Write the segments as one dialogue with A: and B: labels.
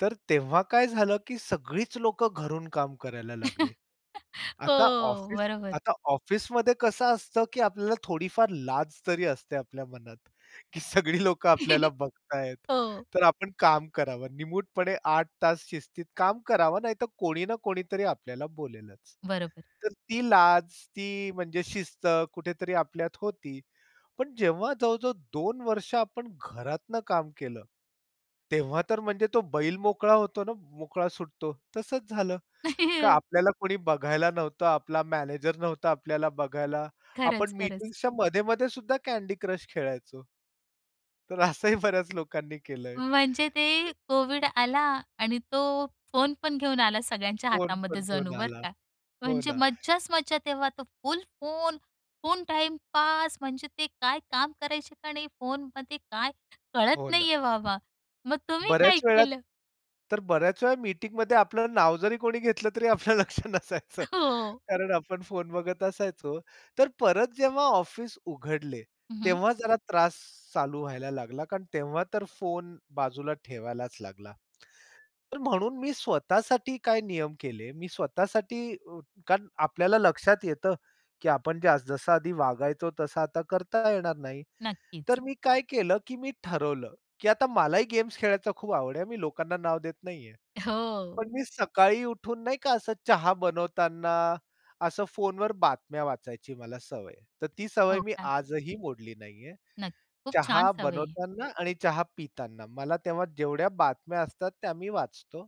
A: तर तेव्हा काय झालं की सगळीच लोकं घरून काम करायला लागले.
B: हो.
A: आता ऑफिस
B: बरोबर.
A: आता ऑफिसमध्ये कसं असतं की आपल्याला थोडीफार लाज तरी असते आपल्या मनात, की सगळी लोकं आपल्याला बघतायेत.
B: हो.
A: तर आपण काम करावं. निमूटपणे 8 तास शिस्तीत काम करावं, नाहीतर कोणी ना कोणीतरी आपल्याला बोलेलच.
B: बरोबर.
A: तर ती लाज, ती म्हणजे शिस्त कुठेतरी आपल्यात होती. पण जेव्हा जवळ-जवळ 2 वर्ष आपण घरातनं काम केलं, तेव्हा तर म्हणजे तो बैल मोकळा होतो ना, मोकळा सुटतो, तसंच झालं, का आपल्याला कुणी बघायला नव्हतं, आपला मॅनेजर नव्हता आपल्याला बघायला,
B: खरंच,
A: आपण
B: खरंच.
A: मीटिंग्सच्या मध्ये-मध्ये सुद्धा Candy Crush खेळायचो. तर असंही बऱ्याच लोकांनी केलंय.
B: म्हणजे ते कोव्हिड आला आणि तो फोन पण घेऊन आला सगळ्यांच्या
A: फोन पण
B: हातामध्ये
A: घेऊन
B: जणू बरं
A: आला,
B: का,
A: हो
B: म्हणजे
A: ना.
B: मज्जाच मज्जा तेव्हा, तो full phone full time pass, म्हणजे ते काय काम करायचे का नाही फोनमध्ये काय
A: हो
B: कळत
A: ना.
B: नाहीये बाबा, मग तुम्ही काय
A: बऱ्याच वेळा
B: केलं?
A: तर बऱ्याच वेळा मीटिंगमध्ये आपलं नाव जरी कोणी घेतलं, तरी आपलं लक्ष नसायचं.
B: हो.
A: कारण आपण फोन बघत असायचो, तर परत जेव्हा ऑफिस उघडले,
B: हं, हं.
A: तेव्हा जरा त्रास चालू व्हायला लागला, कारण तेव्हा तर फोन बाजूला ठेवायलाच लागला. तर म्हणून मी स्वतःसाठी काय नियम केले, मी स्वतःसाठी, अ, कारण आपल्याला लक्षात येतं, की आपण जसं आधी वागायचो तसा आता करता येणार नाही.
B: नक्कीच.
A: तर मी काय केलं की मी ठरवलं, की आता मलाही गेम्स खेळायचा खूप आवड आहे, मी लोकांना नाव देत नाहीये.
B: हो.
A: पण मी सकाळी उठून नाही का, असं चहा बनवताना, असं फोनवर बातम्या वाचायची मला सवय आहे. तर ती सवय
B: हो
A: मी
B: का!
A: आजही मोडली नाहीये.
B: नक्की, खूप छान
A: चहा
B: सवय आहे ही.
A: बनवताना आणि चहा पिताना, मला तेव्हा जेवढ्या बातम्या असतात, त्या मी वाचतो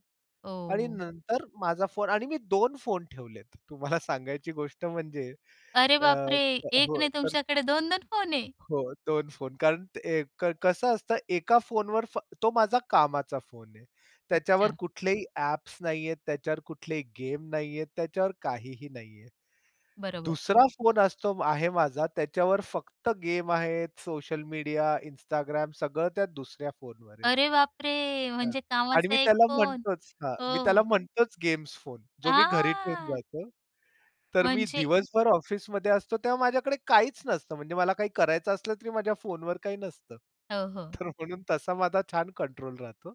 A: आणि
B: ओह.
A: नंतर माझा फोन आणि मी 2 फोन ठेवलेत. तुम्हाला सांगायची गोष्ट म्हणजे.
B: अरे
A: अ,
B: बापरे! 1
A: हो.
B: नाही
A: तर.
B: तुमच्याकडे 2-2 फोन आहे.
A: हो, 2 फोन कारण ए कसं असतं, 1 फोनवर तो माझा कामाचा फोन आहे. त्याच्यावर
B: अच्छा!
A: कुठलेही ॲप्स नाहीयेत, त्याच्यावर कुठलेही गेम नाहीयेत, त्याच्यावर काहीही नाहीये.
B: बरोबर.
A: दुसरा फोन असतो आहे माझा, त्याच्यावर फक्त गेम आहेत, सोशल मीडिया, इन्स्टाग्राम सगळं त्या दुसऱ्या फोनवर आहे.
B: अरे बापरे!
A: हां.
B: म्हणजे
A: आणि
B: कामाचा
A: मी
B: 1
A: त्याला
B: फोन
A: म्हणतोच हां. मी
B: हो.
A: त्याला म्हणतोच गेम्स फोन, जो मी घरी ठेवून
B: हां.
A: जातो. तर मी
B: म्हणजे.
A: दिवसभर ऑफिसमध्ये असतो, तेव्हा माझ्याकडे काहीच नसतं, म्हणजे मला काही करायचं असलं तरी माझ्या फोनवर काही नसतं.
B: हो, हो.
A: तर म्हणून तसा माझा छान कंट्रोल राहतो.